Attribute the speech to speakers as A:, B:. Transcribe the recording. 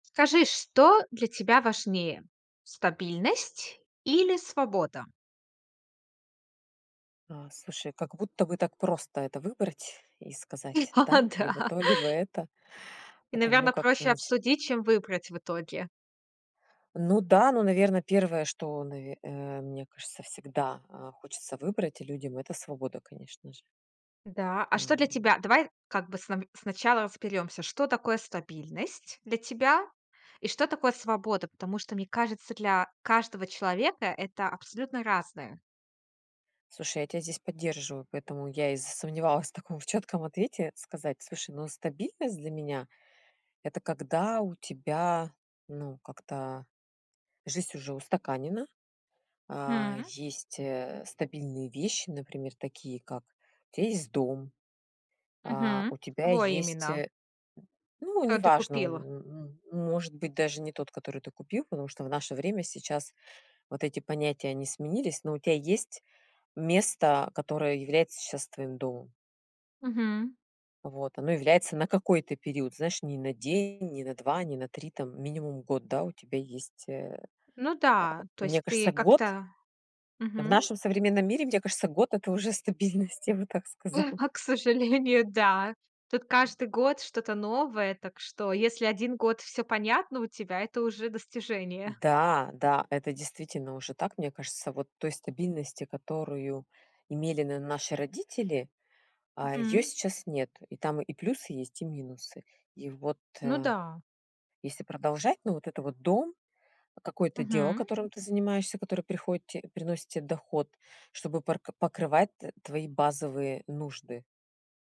A: Скажи, что для тебя важнее стабильность или свобода?
B: А слушай, как будто бы так просто это выбрать и сказать
A: О,
B: да,
A: да.
B: либо то, либо это.
A: И,
B: Потому
A: наверное,
B: как ты
A: проще
B: начи
A: обсудить, чем выбрать в итоге.
B: Ну, да, ну, наверное, 1, что, наве э, мне кажется, всегда, а, хочется выбрать людям- это свобода, конечно же.
A: Да, а что для
B: А.
A: тебя Давай как бы, снам сначала разберёмся, что такое стабильность для тебя и что такое свобода. Потому что, мне кажется, для каждого человека- это абсолютно разное.
B: Слушай, я тебя здесь поддерживаю, поэтому я и засомневалась в таком чётком ответе сказать: "Слушай, ну стабильность, для меня это когда у тебя ну как-то жизнь уже устаканена". А,
A: М.
B: есть, э, стабильные вещи, например, такие как: у тебя есть дом, а,
A: Мгм,
B: у тебя
A: твой
B: есть,
A: именно.
B: э, ну,
A: То ты
B: неважно,
A: купила?
B: м может быть даже не тот, который ты купил, потому что в наше время, сейчас вот эти понятия они сменились, но у тебя есть место, которое является щас твоим домом.
A: Мгм.
B: Вот оно является на какой-то период. Знаешь, не на день, не на 2, не на 3, там минимум год. Да, у тебя есть, э,
A: Ну
B: а,
A: да, то
B: мне
A: есть ты
B: кажется, год
A: как-то
B: В
A: мгм.
B: нашем современном мире, мне кажется, год это уже стабильность, я бы так сказала.
A: А, к сожалению, да. Тут каждый год что-то новое. Так что, если 1 год всё понятно у тебя, это уже достижение.
B: Да, да, это действительно уже так. Мне кажется, вот той стабильности, которую имели н наши родители, а, её
A: М.
B: сейчас нету, и там и плюсы есть, и минусы. И вот,
A: Ну
B: э,
A: да.
B: если продолжать, но вот это вот дом, какое-то дело,
A: Мгм.
B: которым ты занимаешься, которое приходит те приносит те доход, чтобы порк покрывать т твои базовые нужды.